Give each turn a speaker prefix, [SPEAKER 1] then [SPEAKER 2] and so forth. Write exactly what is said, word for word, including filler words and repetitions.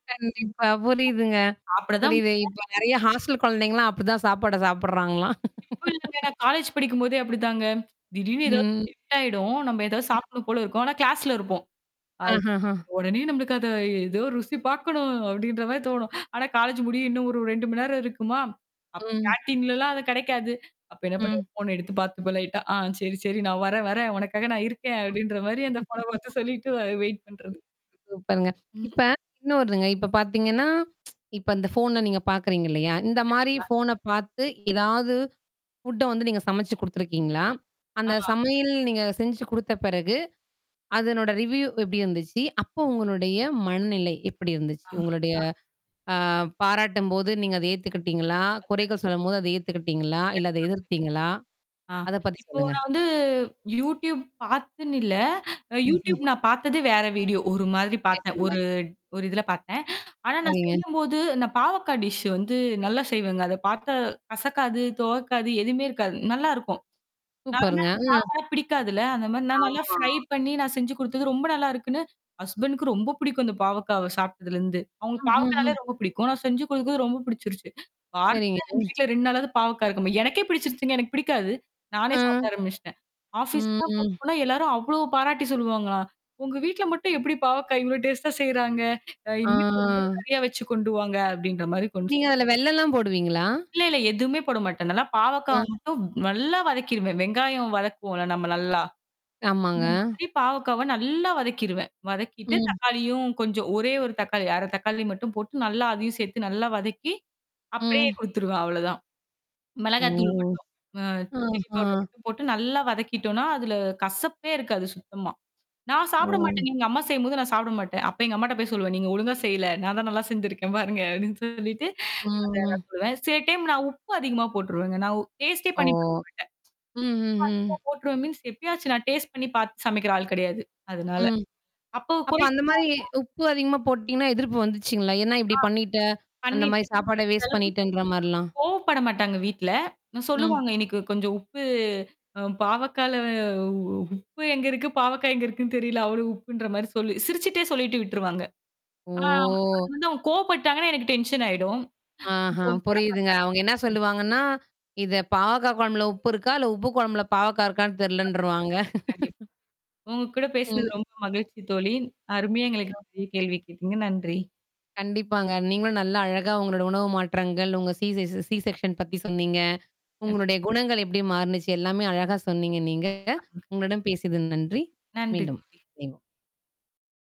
[SPEAKER 1] கண்டிப்பா. புரியுதுங்க
[SPEAKER 2] அப்படிதான்
[SPEAKER 1] புரியுது.
[SPEAKER 2] [unintelligible]
[SPEAKER 1] இப்போ நெறையா ஹாஸ்டல் கொழந்தைங்கலாம் அப்படிதான் சாப்பாட சாப்படுறாங்களாம்.
[SPEAKER 2] இப்போ இல்லங்க காலேஜ் படிக்கும்போதே அப்படித்தாங்க. திடீர்னு ஏதாவது
[SPEAKER 1] ம்.
[SPEAKER 2] [unintelligible] ஆயிடும். நம்ப ஏதாவது
[SPEAKER 1] ம்.
[SPEAKER 2] சாப்டணும் போல இருக்கும். ஆனா கிளாஸ்ல இருப்போம். அது
[SPEAKER 1] ஆஹஹ.
[SPEAKER 2] உடனே நம்மளுக்கு அத ஏதோ ருசி பாக்கணும் அப்டின்ற மாரி தோணும். ஆனா காலேஜ்ஜு முடிய இன்னும் ஒரு ரெண்டு மணி நேரம் இருக்குமா? அப்ப
[SPEAKER 1] ம்.
[SPEAKER 2] கேன்டீன்ல்லாம் அது கெடைக்காது. அப்ப என்னா பண்றது?
[SPEAKER 1] ம்.
[SPEAKER 2] ஃபோன எடுத்து பாத்துப்பேன் லைட்டா. "ஆ சரி சரி நான் வரேன் வரேன். உனக்காக நான் இருக்கேன்"அப்படின்ற மாரி
[SPEAKER 1] அ,
[SPEAKER 2] அந்த ஃபோன [unintelligible] சொல்லிட்டு அ வெயிட் பண்றது.
[SPEAKER 1] சூப்பருங்க.
[SPEAKER 2] ம்.
[SPEAKER 1] இப்ப. இன்னொருதுங்க. இப்ப பாத்தீங்கன்னா, இப்ப இந்த ஃபோன நீங்க பாக்குறீங்க இல்லையா? இந்த மாரி
[SPEAKER 2] கண்டிப்பா.
[SPEAKER 1] ஃபோன பாத்து ஏதாவது ஃபுட்ட வந்து நீங்க சமைச்சு குடுத்துருக்கீங்களா? அந்த
[SPEAKER 2] ஆமா,
[SPEAKER 1] சமையல் நீங்க செஞ்சு குடுத்த பிறகு. அதனோட ரிவ்யூ எப்படி இருந்துச்சு. அப்போ உங்களுடைய மனநிலை எப்படி இருந்துச்சு.
[SPEAKER 2] ஆ,
[SPEAKER 1] உங்களுடைய ஆ பாராட்டும்போது நீங்க அத ஏத்துக்கிட்டீங்களா? குறைகள் சொல்லும்போது அத ஏத்துக்கிட்டீங்களா,
[SPEAKER 2] [unintelligible]
[SPEAKER 1] இல்ல அத
[SPEAKER 2] கண்டிப்பா கண்டிப்பா
[SPEAKER 1] எதிர்த்தீங்களா?
[SPEAKER 2] ஆ,
[SPEAKER 1] அத பத்தி
[SPEAKER 2] இப்போ
[SPEAKER 1] சொல்லுங்க.
[SPEAKER 2] நான் வந்து YouTube பாத்துன்னு இல்ல! அ YouTube
[SPEAKER 1] ம்ஹ்ம்.
[SPEAKER 2] நான் பாத்தது வேற வீடியோ. ஒரு மாதிரி பாத்தேன்.
[SPEAKER 1] சரிங்க.
[SPEAKER 2] ஒரு ஒரு இதில பாத்தேன். ஆனா நான்
[SPEAKER 1] சரிங்க.
[SPEAKER 2] செய்யும்போது நான் பாவக்கா டிஷ்ஷு வந்து நல்லா செய்வேங்க. அத பாத்தா கசக்காது, துவக்காது எதுவுமே இருக்காது நல்லாருக்கும்.
[SPEAKER 1] சூப்பருங்க
[SPEAKER 2] [unintelligible]
[SPEAKER 1] அ,
[SPEAKER 2] பாவக்காலாம் பிடிக்காதுல! அந்த மாரி நான் நல்லா
[SPEAKER 1] ஆமா.
[SPEAKER 2] ஃப்ரை பண்ணீ நான் செஞ்சு குடுத்தது ரொம்ப நல்லா இருக்குன்னு, ஹஸ்பண்ட்க் ரொம்ப புடிக்கும் அந்த பாவக்காவ சாப்ட்டதுலருந்து. அவுங்களுக்கு பாவக்காயனாலே
[SPEAKER 1] ம்ஹ்ம்.
[SPEAKER 2] ரொம்ப பிடிக்கும். நான் செஞ்சு குடுக்குறது ரொம்ப பிடிச்சிருச்சு. வாரத்துல
[SPEAKER 1] சரிங்க.
[SPEAKER 2] எங்க வீட்ல ரெண்டு நாளாவது பாவக்கா இருக்கும எனக்கே பிடிச்சிருச்சுங்க, எனக்கு பிடிக்காது! நானே
[SPEAKER 1] அம்,
[SPEAKER 2] சாப்பிட ஆரம்பிச்சுட்டேன்.
[SPEAKER 1] ம்
[SPEAKER 2] ஆஃபீஸ்க்குலாம் கொண்டு
[SPEAKER 1] ம்.
[SPEAKER 2] போனா எல்லாரும் அவ்வளோ பாராட்டி சொல்லுவாங்கலா "உங்க வீட்ல மட்டும் எப்படி பாவக்கா இவ்வளோ டேஸ்டா செய்றாங்க? அ இனிமேட்டு [unintelligible]
[SPEAKER 1] ஆ.
[SPEAKER 2] நெறையா வச்சு கொண்டு வாங்க" அப்டின்ற மாரி கொண்டு ச
[SPEAKER 1] நீங்க அதுல வெள்ளம்லாம் போடுவீங்களா?
[SPEAKER 2] இல்ல இல்ல எதுவுமே போட மாட்டேன். நல்லா பாவக்காவ
[SPEAKER 1] அம்.
[SPEAKER 2] மட்டும் நல்லா வதக்கிருவேன். வெங்காயம் வதக்குவோம்ல நம்ம நல்லா.
[SPEAKER 1] ஆமாங்க.
[SPEAKER 2] இந்த மாதிரி பாவக்காவ நல்லா வதக்கிருவேன். வதக்கிட்டு
[SPEAKER 1] ம்.
[SPEAKER 2] தக்காளியும் கொஞ்சம் ஒரே ஒரு தக்காளி அரை தக்காளி மட்டும் போட்டு நல்லா அதையும் சேத்து நல்லா வதக்கி. அப்படியே
[SPEAKER 1] ம்.
[SPEAKER 2] குடுத்துருவேன். அவ்ளோதான்.
[SPEAKER 1] ஓ!
[SPEAKER 2] மிளகாய் தூள் மட்டும். அ சில்லி
[SPEAKER 1] ஆஹா!
[SPEAKER 2] பவுடர் மட்டும் போட்டு நல்லா வதக்கிட்டோன்னா, அதுல கசப்பே இருக்காது சுத்தமா. நான் சாப்பிட
[SPEAKER 1] ஒ.
[SPEAKER 2] மாட்டேன் நீங்க அம்மா செய்யும்போது நான் சாப்பிட மாட்டேன். அப்ப எங்க அம்மாட்ட போய் சொல்லுவேன். "நீங்க ஒழுங்கா செய்யல. நான் தான் நல்லா செஞ்சுருக்கேன் பாருங்க" அப்டின்னு சொல்லிட்டு அத நான்
[SPEAKER 1] [unintelligible]
[SPEAKER 2] சொல்லுவேன். சில டைம் நான் உப்பு அதிகமா போட்டுருவேங்க. நான் ஒ டேஸ்ட்டே
[SPEAKER 1] ஓ!
[SPEAKER 2] பண்ணீபாக்க மாட்டேன்.
[SPEAKER 1] ம், ம், ம்.
[SPEAKER 2] உப்பு அதிகமா போட்டுருவேன் மீன்ஸ் எப்பியாச்சும் நான் டேஸ்ட் பண்ணீ பாத்து சமைக்கிற ஆள் கெடையாது. அதுனால.
[SPEAKER 1] ம்.
[SPEAKER 2] அப்போ
[SPEAKER 1] அப்ப
[SPEAKER 2] குறை
[SPEAKER 1] அந்த மாரி
[SPEAKER 2] சொல்லுவாங்க.
[SPEAKER 1] உப்பு அதிகமா போட்டீங்கன்னா, எதிர்ப்பு வந்துச்சுங்களா? என்னா
[SPEAKER 2] ஆ.
[SPEAKER 1] இப்படி பண்ணீட்ட, அந்த
[SPEAKER 2] பண்ணீட்டு
[SPEAKER 1] மாரி சாப்பாட
[SPEAKER 2] அந்த
[SPEAKER 1] வேஸ்ட்
[SPEAKER 2] அளவுக்கு [unintelligible]
[SPEAKER 1] பண்ணீட்டுன்ற மாரிலாம்!
[SPEAKER 2] கோவப்பட மாட்டாங்க வீட்ல. அ
[SPEAKER 1] ம்.
[SPEAKER 2] சொல்லுவாங்க. இன்னைக்கு கொஞ்சம் உப்பு அ பாவக்கல உப்பு எங்க இருக்கு? பாவக்கா எங்க இருக்குன்னு? தெரியல! அவளோ உப்புன்ற மாரி சொல்லி சிரிச்சுட்டே சொல்லிட்டு விட்டுருவாங்க. ஆ அது
[SPEAKER 1] ஓ!
[SPEAKER 2] வந்து அவுங்க கோவப்பட்டாங்கன்னா, எனக்கு டென்ஷன் ஆயிடும். [unintelligible]
[SPEAKER 1] ஆஹா
[SPEAKER 2] கோவம் பட மாட்டாங்க.
[SPEAKER 1] புரியுதுங்க. அவுங்க என்னா
[SPEAKER 2] ம்,
[SPEAKER 1] சொல்லுவாங்கன்னா! இத, பாவக்கா கொழம்புல உப்பு இருக்கா? இல்ல உப்பு கொழம்புல பாவக்கா இருக்கான்னு
[SPEAKER 2] கண்டிப்பாங்க.
[SPEAKER 1] தெர்லன்ருவாங்க.
[SPEAKER 2] கண்டிப் உங்க கூட
[SPEAKER 1] ம்.
[SPEAKER 2] பேசினது ரொம்ப மகிழ்ச்சி தோழி. அருமையா எங்களுக்கு
[SPEAKER 1] [unintelligible]
[SPEAKER 2] நெறயா கேள்வி கேட்டீங்க. நன்றி.
[SPEAKER 1] கண்டிப்பாங்க. நீங்களும் நல்லா அழகா உங்களோட உணவு மாற்றங்கள், உங்க சி செ ச சி செக்ஷன் பத்தி சொன்னீங்க.
[SPEAKER 2] கண்
[SPEAKER 1] உங்களுடைய குணங்கள் எப்படி மாறுனுச்சு, எல்லாமே அழகா சொன்னீங்க நீங்க.
[SPEAKER 2] கண்டிப்பாங்க.
[SPEAKER 1] உங்களுடன் பேசியது நன்றி.
[SPEAKER 2] நன்றி
[SPEAKER 1] மீண்டும்.
[SPEAKER 2] தோழி.
[SPEAKER 1] இணைவோம்